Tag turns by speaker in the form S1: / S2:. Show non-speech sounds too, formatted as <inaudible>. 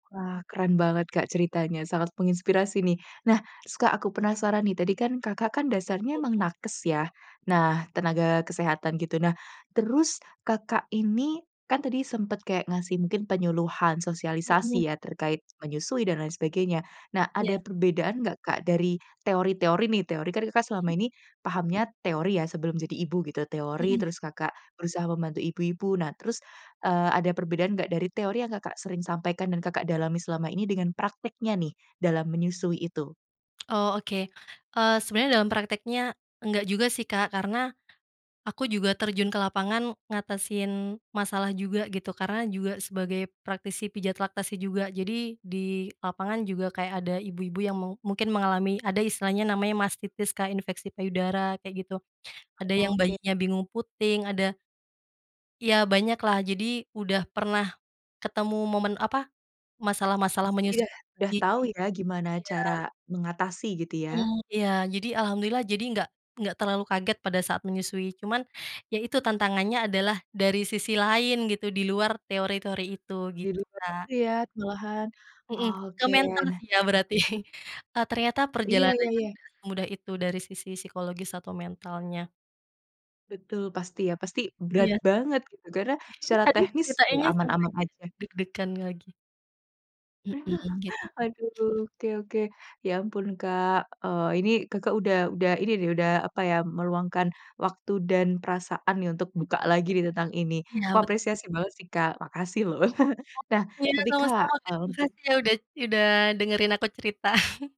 S1: Wah keren banget Kak, ceritanya sangat menginspirasi nih. Nah, se Kak aku penasaran nih. Tadi kan, Kakak kan dasarnya emang
S2: Hmm.
S1: nakes ya,
S2: Iya.
S1: nah tenaga kesehatan gitu. Nah, terus Kakak ini, kan tadi sempet kayak ngasih mungkin penyuluhan,
S2: Mhm.
S1: sosialisasi ya, terkait menyusui dan lain sebagainya. Nah
S2: Iya.
S1: ada perbedaan nggak Kak dari teori teori nih, teori kan Kakak selama
S2: Mhm.
S1: ini, pahamnya teori ya, sebelum jadi ibu, gitu. Teori,
S2: Mhm.
S1: terus Kakak berusaha membantu ibu ibu. Nah terus, eee, ada perbedaan nggak dari teori yang Kakak sering sampaikan dan Kakak dalami selama ini, dengan prakteknya nih dalam menyusui itu?
S2: Oh, oke. Eee, sebenarnya dalam prakteknya, enggak juga sih Kak, karena, aku juga terjun ke lapangan ngatasin masalah juga gitu. Karena juga sebagai praktisi pijat laktasi juga, jadi, di lapangan juga kayak ada ibu ibu yang mau mungkin mengalami, ada istilahnya namanya mastitis, kayak infeksi payudara, kayak gitu. Ada yang
S1: Oke.
S2: bayinya bingung puting, ada iya banyak lah, jadi udah pernah ketemu momen apa, masalah masalah
S1: Itu dia,
S2: menyusui,
S1: udah
S2: jadi
S1: tahu ya gimana
S2: iya.
S1: cara mengatasi, gitu ya?
S2: Heeh, iya. Jadi alhamdulillah, jadi enggak enggak terlalu kaget pada saat menyusui. Cuman, iya itu tantangannya adalah, dari sisi lain gitu, di luar teori teori itu,
S1: Di
S2: gitu, Kak.
S1: lihat-lihat malahan.
S2: Heeh, ke
S1: Oke,
S2: mental
S1: nah,
S2: sih ya
S1: eh
S2: berarti. E ternyata
S1: Iya iya
S2: perjalanannya
S1: iya.
S2: tidak semudah itu, dari sisi psikologis atau mentalnya.
S1: Betul pasti ya, pasti berat
S2: Iya.
S1: banget gitu karena,
S2: <chuckles> E
S1: secara
S2: aduh
S1: teknis, iya
S2: ceritainnya
S1: aman
S2: sampai
S1: aman
S2: ke
S1: aja.
S2: deg degan lagi. Hmm, gitu.
S1: <chuckles> Aduh
S2: <chuckles>
S1: oke oke. Ya ampun Kak, eee, ini Kakak udah udah ini nih, udah apa ya, meluangkan waktu dan perasaan nih untuk
S2: Hmm.
S1: buka lagi tentang ini. Aku
S2: Iya bet
S1: apresiasi banget sih Kak, makasih loh. <laughs> Nah
S2: Iya
S1: tapi
S2: sama
S1: Kak,
S2: sama Kak,
S1: kalau untuk
S2: makasih ya udah udah dengerin aku cerita. <chuckles>